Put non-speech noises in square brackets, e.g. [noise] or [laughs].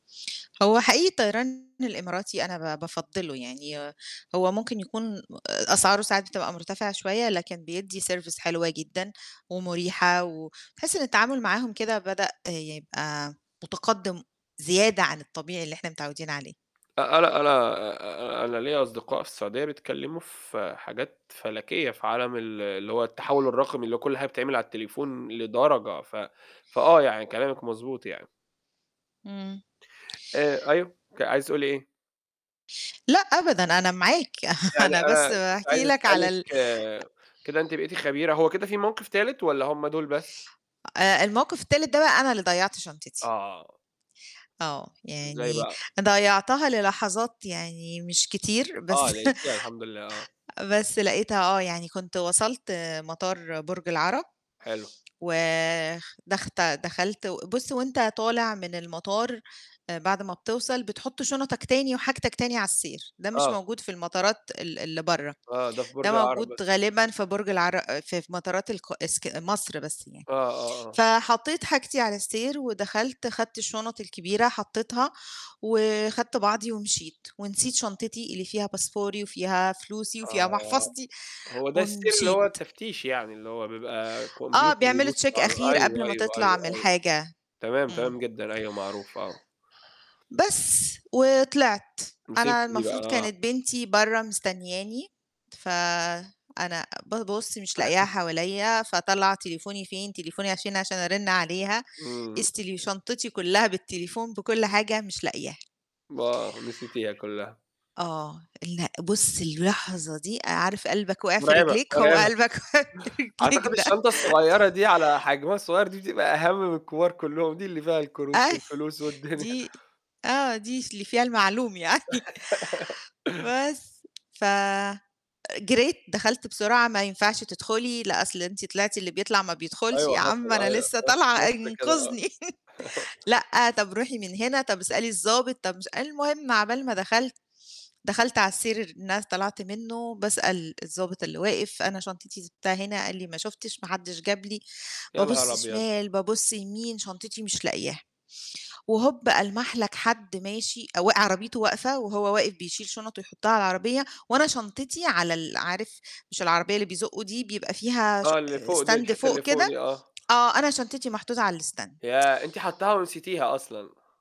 هو حقيقي الطيران الإماراتي أنا ب بافضِّله يعني ي هو ممكن يكون أ أسعاره ساعات بتبقى مرتفعة شويّة، لكن بيدّي service حلوة جدًا ومُرِيحَة، و تحسّ إن التعامل معاهم كده بدأ يبقي مُتَقدِّم زيادة، عن الطبيعي اللي إحنا متعوّدين عليه. أ أنا أنا آآ أنا ليَّ أصدقاء في السعودية بيتكلّموا في حاجات فلكيّة في عالم ال اللي هو التحوّل الرقمي، اللي هو كلّ حاجة بتتعمل على التليفون لدرجة، ف فآه يعني كلامِك مضبوط يعني. إمم. آآ أيوه، ك عايزة تقولي إيه؟ لأ أبدًا، أنا معاك، [laughs] يعني أنا بس أنا كنت باحكي عايز لَك على أسألِك ال أ كده أنتِ بقيتِ خبيرة هو كده في موقف تالت والّا هُم دول بس؟ آآ الموقف التالت ده بقى أنا اللي ضيّعت شنطتي. آه. آه، إزاي يعني بقى؟ ضيّعتها للحظات يعني مش كتير بس آه، لقيتيها الحمد لله، آه. بس لقيتها، آه، يعني كنت وصلت مطار برج العرب، حلو. ودخت دخلت و بُصّ وأنت طالع من المطار آآ بعد ما بتوصل بتحط شنطك تاني، وحاجتك تاني على السير. ده مش آه. موجود في المطارات ال اللي برّا، آه، ده في ده برج العرب موجود بس. غالبًا في برج العر ف في مطارات الق إسك مصر بس يعني. آه، آه، آه. فحطّيت حاجتي على السير ودخلت خدت الشنط الكبيرة حطّيتها، وخدت بعضي ومشيت، ونسيت شنطتي اللي فيها باسبوري، وفيها فلوسي، وفيها آه. محفظتي هو ده السير اللي هو ومشيت. التفتيش يعني؟ اللي هو بيبقى آه، كمبيوتر بيعملوا بيبص check على أخير قبل أيوه، ما أيوه، تطلع من أيوه، أيوه. الحاجة. تمام، امم. تمام جدًا، أيوه معروف، آه. بس، وطلعت. مسكتِ أنا دي بقى، المفروض آه. كانت بنتي برّا مستنّياني، فأنا بابُص مش لاقياها [chuckles] حواليَّ، فاطلّع تليفوني فين؟ تليفوني عشان عشان أرنّ عليها امم. إذ تلي شنطتي كُلّها بالتليفون بكل حاجة مش لاقياها. م آه، نسيتيها كلّها. آه، لأ بُصّ اللحظة دي، عارف قلبك واقع في مرعبة، رجليك؟ هو مرعبة قلبك وقع في رجليك أعتقد ده. الشنطة الصغيّرة [chuckles] دي على حجمها الصغيّر دي بتبقى أهم من الكبار كلّهم، دي اللي فيها الكروت أي والفلوس والدنيا دي آه دي س اللي فيها المعلوم يعني. [laughs] بس ف جريت دخلت بسرعة، ما ينفعش تدخلي، لآ أصل أنتِ طلعتِ، اللي بيطلع ما بيدخُلش، أيوه يا حصل، عم أنا أيوه آه، لسّه طالعة مصر كده، آه. انقِذني، [chuckles] [chuckles] لأ، طَب روحي من هنا، طَب اسألي الضابط، طَب مش المهم عبال ما دخلت، دخلت على السير إن س طلعت منه، باسأل الضابط اللي واقف أنا شنطتي سِبتها هنا، قال لي ما شُفتش، ما حدش جاب لي، يا نهار بابُصّ أبيض! شِمال، بابُصّ يمين، شنطتي مش لاقياها. وهوب، ألمح لَك حدّ ماشي وق عربيته واقفة وهو واقف بيشيل شنط ويحطّها على العربية، وأنا شنطتي على ال عارف، مش العربية اللي بيزقوا دي بيبقى فيها ش آه، اللي فوق دي، stand الحتّة اللي فوق فوق كده؟ دي آه. آه، أنا شنطتي محطوطة على الstand ياه! أنتِ [tsk] حاطّاها ونسيتيها أصلًا؟